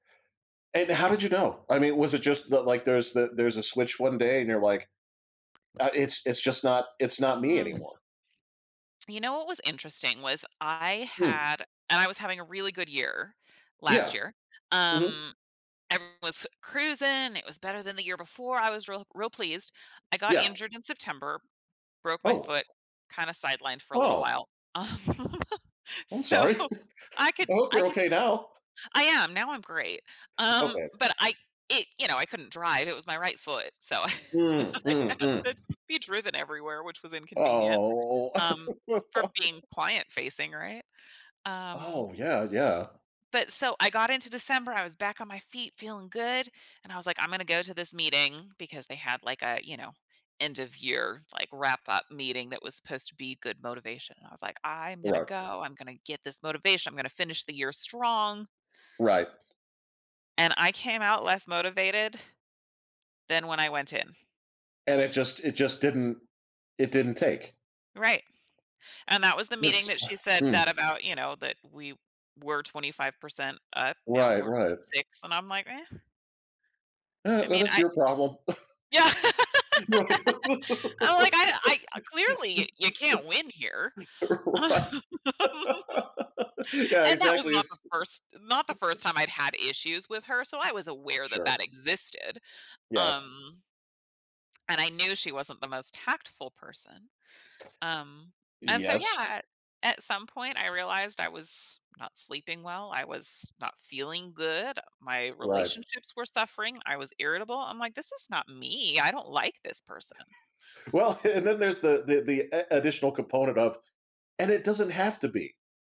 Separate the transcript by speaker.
Speaker 1: And how did you know? I mean, was it just the, like, there's the there's a switch one day and you're like, "Uh, it's it's just not it's not me
Speaker 2: Hmm.
Speaker 1: anymore."
Speaker 2: You know what was interesting was I
Speaker 1: Hmm.
Speaker 2: had and I was having a really good year last
Speaker 1: Yeah.
Speaker 2: year.
Speaker 1: Mhm.
Speaker 2: Um, and it was cruising, it was better than the year before. I was real real pleased. I got
Speaker 1: Yeah.
Speaker 2: injured in September, broke my
Speaker 1: Oh.
Speaker 2: foot, kind of sidelined for a little
Speaker 1: Oh.
Speaker 2: while. Um,
Speaker 1: Oh, I'm
Speaker 2: so
Speaker 1: sorry.
Speaker 2: I could
Speaker 1: I hope
Speaker 2: I
Speaker 1: you're
Speaker 2: could
Speaker 1: okay
Speaker 2: s
Speaker 1: now.
Speaker 2: I am, now I'm great, um,
Speaker 1: Okay.
Speaker 2: but I i you know, I couldn't drive, it was my right foot. So
Speaker 1: Mm,
Speaker 2: I
Speaker 1: mm,
Speaker 2: had to
Speaker 1: mm.
Speaker 2: be driven everywhere, which was inconvenient,
Speaker 1: Oh.
Speaker 2: um, for being client facing, right? Um...
Speaker 1: Oh, yeah, yeah.
Speaker 2: But so I got into December, I was back on my feet feeling good. And I was like, "I'm gonna go to this meeting." Because they had like a, you know, end of year, like, wrap up meeting that was supposed to be good motivation. I was like, "I'm gonna
Speaker 1: Right.
Speaker 2: go, I'm gonna get this motivation, I'm gonna finish the year strong"
Speaker 1: Right.
Speaker 2: and I came out less motivated than when I went in.
Speaker 1: And it just it just didn't it didn't take.
Speaker 2: Right. And that was the meeting
Speaker 1: This
Speaker 2: that she said that
Speaker 1: Mm.
Speaker 2: about, you know, that we were 25% up, now
Speaker 1: Right,
Speaker 2: we're
Speaker 1: right.
Speaker 2: 6 And I'm like, eh.
Speaker 1: Uh,
Speaker 2: I
Speaker 1: well,
Speaker 2: mean,
Speaker 1: that's
Speaker 2: I
Speaker 1: your problem.
Speaker 2: Yeah!
Speaker 1: Right.
Speaker 2: I'm like, "I I clearly you can't win here."
Speaker 1: Right. Yeah,
Speaker 2: And that was
Speaker 1: exactly,
Speaker 2: not the
Speaker 1: is
Speaker 2: first not the first time I've had issues with her, so I was aware that
Speaker 1: Sure.
Speaker 2: that existed,
Speaker 1: Yeah.
Speaker 2: um And I knew she wasn't the most tactful person. Um, and so, yeah,
Speaker 1: Yes.
Speaker 2: ah, at some point I realized I was not sleeping well, I was not feeling good, My
Speaker 1: Right.
Speaker 2: relationships were suffering. I was irritable. I'm like, "This is not me, I don't like this person."
Speaker 1: Well, and then there's the the a additional component of and it doesn't have to be.